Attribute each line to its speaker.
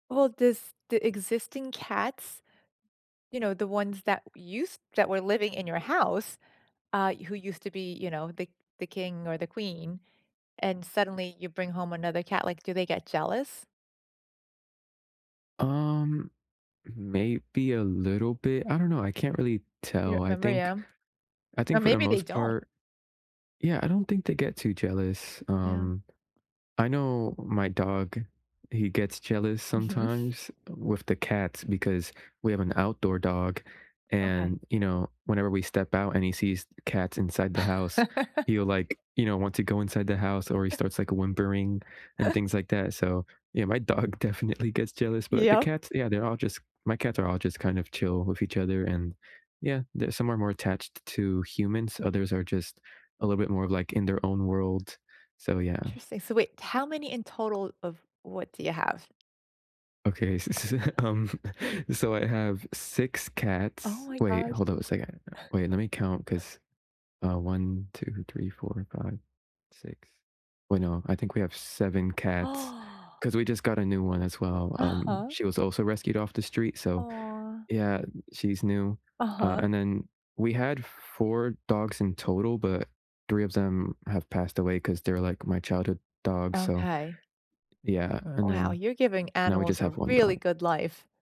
Speaker 1: Well, does the existing cats, you know, the ones that used that were living in your house, uh, who used to be, you know, the the king or the queen, and suddenly you bring home another cat, like, do they get jealous?
Speaker 2: Um, maybe a little bit? I don't know, I can't really
Speaker 1: You
Speaker 2: tell.
Speaker 1: don't
Speaker 2: I
Speaker 1: remember,
Speaker 2: think
Speaker 1: yeah?
Speaker 2: I
Speaker 1: Or
Speaker 2: think for the
Speaker 1: maybe they
Speaker 2: most
Speaker 1: don't.
Speaker 2: part Yeah, I don't think they get too jealous.
Speaker 1: Yeah.
Speaker 2: Um, I know my dog, he gets jealous
Speaker 1: Mhm.
Speaker 2: sometimes with the cats because we have an outdoor dog,
Speaker 1: Okay.
Speaker 2: and, you know, whenever we step out, and he sees the cats inside the house, he'll, like, you know, want to go inside the house, or he starts, like, whimpering and things like that. So, yeah, my dog definitely gets jealous, but the
Speaker 1: Yep.
Speaker 2: cats yeah, they're all just my cats are all just, kind of, chill with each other, and, yeah, the some are more attached to humans, others are just a little bit more of, like, in their own world, so, yeah.
Speaker 1: Interesting, so, wait, how many in total of what do you have?
Speaker 2: Okay, s s Um, so, I have 6
Speaker 1: Oh,
Speaker 2: cats
Speaker 1: my
Speaker 2: wait,
Speaker 1: gosh.
Speaker 2: hold on a second. Wait, lemme count 'cause uh, 1, 2, 3, 4, 5, 6 wait, no, I think we have 7 cats 'cause we just got a new one as well. Um,
Speaker 1: Uh-huh.
Speaker 2: she was also rescued off the street, so
Speaker 1: Aw.
Speaker 2: Yeah, she's new. Uh,
Speaker 1: Uh-huh.
Speaker 2: and then we had 4 dogs in total, but 3 of them have passed away 'cause they're, like, my childhood dogs, so,
Speaker 1: Okay.
Speaker 2: yeah. And
Speaker 1: Wow,
Speaker 2: then
Speaker 1: you're giving
Speaker 2: now, we
Speaker 1: animals
Speaker 2: just
Speaker 1: a
Speaker 2: have 1
Speaker 1: really
Speaker 2: dog.
Speaker 1: good life.